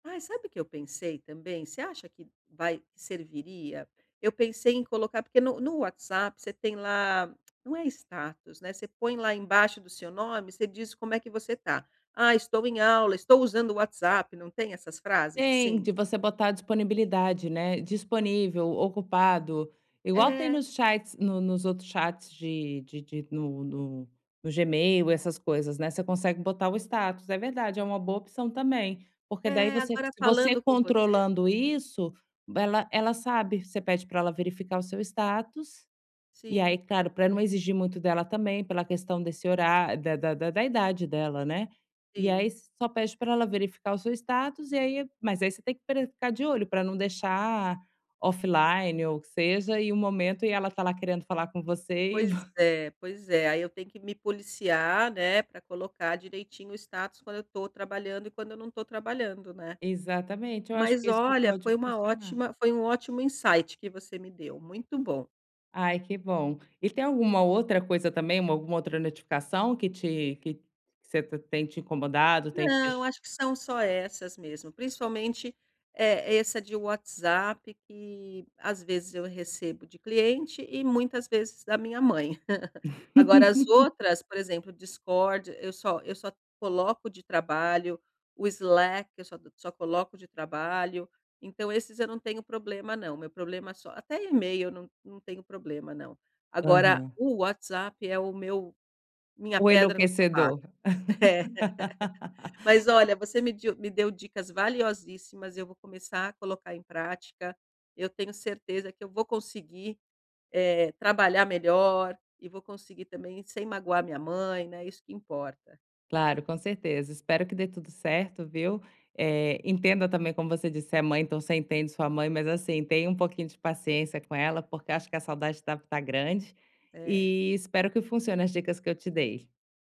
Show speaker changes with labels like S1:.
S1: Ai, sabe o que eu pensei também? Você acha que vai serviria? Eu pensei em colocar porque no no WhatsApp você tem lá não é status, né, você põe lá embaixo do seu nome, você diz como é que você tá: "Ah, estou em aula, estou usando o WhatsApp", não tem essas frases
S2: Tem,
S1: assim?
S2: de você botar disponibilidade, né. "Disponível, ocupado", igual tem
S1: É.
S2: nos chats, no nos outros chats de de de no no no Gmail, essas coisas, né. Você consegue botar o status. É verdade, é uma boa opção também, porque daí
S1: É,
S2: você
S1: agora
S2: você
S1: falando com você
S2: controlando isso, ela ela sabe. Você pede pra ela verificar o seu status, e
S1: Sim.
S2: aí, claro, pra não exigir muito dela também, pela questão desse horá da da da da idade dela, né. E aí
S1: Sim.
S2: só pede pra ela verificar o seu status, e aí mas aí você tem pre ficar de olho, pra não deixar offline ou, que seja, e o momento, e ela tá lá querendo falar com você, e
S1: Pois
S2: vo
S1: é, pois é. Aí eu tenho que me policiar, né, pra colocar direitinho o status quando eu tô trabalhando e quando eu não tô trabalhando, né.
S2: Exatamente. Eu acho que
S1: Mas
S2: isso
S1: olha,
S2: pode
S1: foi uma
S2: funcionar.
S1: ótima, foi um ótimo insight que você me deu, muito bom.
S2: Ai, que bom. E tem alguma outra coisa também, uma alguma outra notificação que te que você tem te incomodado? Tem te
S1: Não,
S2: deix
S1: acho que são só essas mesmo. Principalmente, eh, essa de WhatsApp que, às vezes eu recebo de cliente, e muitas vezes da minha mãe. Agora as outras por exemplo, o Discord, eu só eu só coloco de trabalho, o Slack eu só co só coloco de trabalho. Então esses eu não tenho problema não, meu problema só até email não não tenho problema não. Agora
S2: Aham.
S1: o WhatsApp é o meu minha
S2: O
S1: pedra no sapato.
S2: enlouquecedor.
S1: É. Mas olha, você me diu me deu dicas valiosíssimas, eu vou começar a colocar em prática. Eu tenho certeza que eu vou conseguir, eh, trabalhar melhor, e vou conseguir também, sem magoar a minha mãe, né. Isso que importa.
S2: Claro, com certeza. Espero que dê tudo certo, viu. Eh, entenda também, como você disse, é mãe, então você entende sua mãe, mas assim, tenha um pouquinho de paciência com ela porque acho que a saudade deve tá grande,
S1: É.
S2: e espero que funcione as dicas que eu te dei.